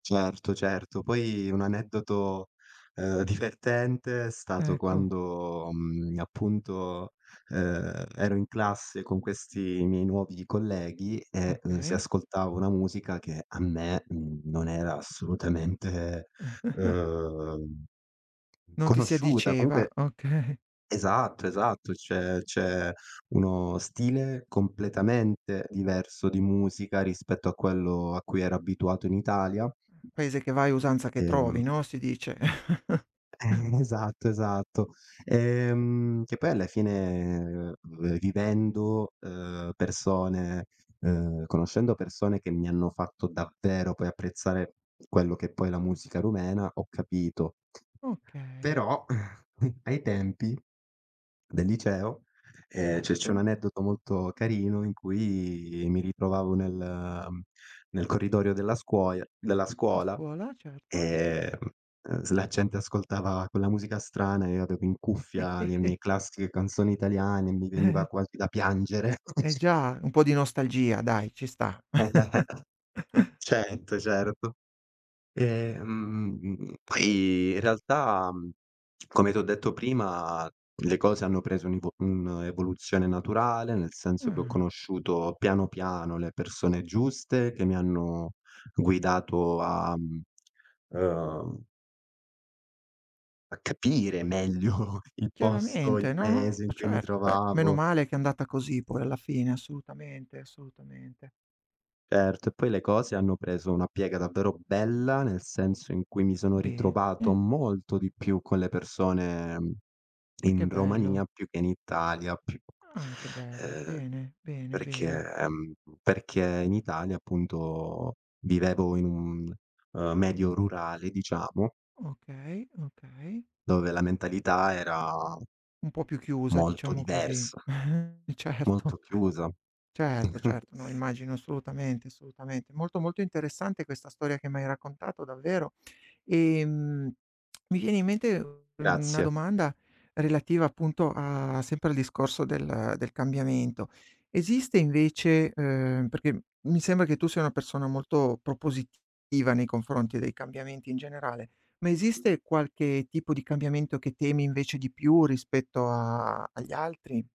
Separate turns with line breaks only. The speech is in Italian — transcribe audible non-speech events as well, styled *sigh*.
Certo, certo. Poi, un aneddoto, ehm, divertente è stato
Ecco.
quando, mhmm, appunto, ehm, ero in classe con questi miei nuovi colleghi e l si
Okay.
ascoltava una musica che a me, mhmm, non era assolutamente,
*chuckles*
ehm,
Non ti si
conosciuta.
addiceva,
Comunque
okay.
Esatto, esatto. Cioè, c'è uno stile completamente diverso di musica rispetto a quello a cui ero abituato in Italia.
Paese che vai usanza che
Ehm
trovi, no, si dice. *chuckles*
Eh, esatto, esatto. Ehm, che poi alla fine v vivendo, ehm, persone, ehm, conoscendo persone che mi hanno fatto davvero, poi, apprezzare quello che, poi, è la musica rumena, ho capito.
Okay.
Però, *chuckles* ai tempi del liceo ehm, cioè, c'è un
Certo.
aneddoto molto carino in cui mi ritrovavo nel, ehm, nel corridoio della scuoia della
A
scuola.
scuola, certo.
Ehm, ehm, s la gente ascoltava quella musica strana e io avevo in cuffia le
*chuckles*
mie classiche canzoni italiane, mi veniva
*chuckles*
quasi da piangere.
Eh
*unintelligible*
già, un po' di nostalgia dai, ci sta.
*unintelligible*
*chuckles*
Certo, certo. Ehm, m m m m poi in realtà, mhmm, come ti ho detto prima, le cose hanno preso un ivo un'evoluzione naturale, nel senso che ho
Ah.
conosciuto, piano piano, le persone giuste che mi hanno guidato a, mhmm, ehm a capire meglio il posto, il
Chiaramente, no.
paese in cui mi
Certo, beh. Meno
trovavo.
male che è andata così poi alla fine, assolutamente, assolutamente.
Certo, e poi le cose hanno preso una piega davvero bella, nel senso in cui mi sono
Bene.
ritrovato molto di più con le persone
Ah, che
in
bello.
Romania più che in Italia, più c
Ah, che bello.
ehm,
Bene, bene, bene.
perché, ehm, perché in Italia, appunto, vivevo in un, ehm, medio rurale, diciamo
Okay, okay.
dove la mentalità era
Un po' più chiusa,
molto
diciamo così.
diversa
*chuckles*
molto
Certo.
chiusa.
Certo,
*chuckles*
certo, no, immagino, assolutamente, assolutamente. Molto, molto interessante questa storia che m'hai raccontato, davvero. Ehm, mi viene in mente u una
Grazie.
domanda relativa, appunto, a sempre al discorso del del cambiamento. Esiste invece ehm, perché mi sembra che tu sia una persona molto propositiva nei confronti dei cambiamenti in generale, ma esiste qualche tipo di cambiamento che temi invece di più rispetto a agli altri?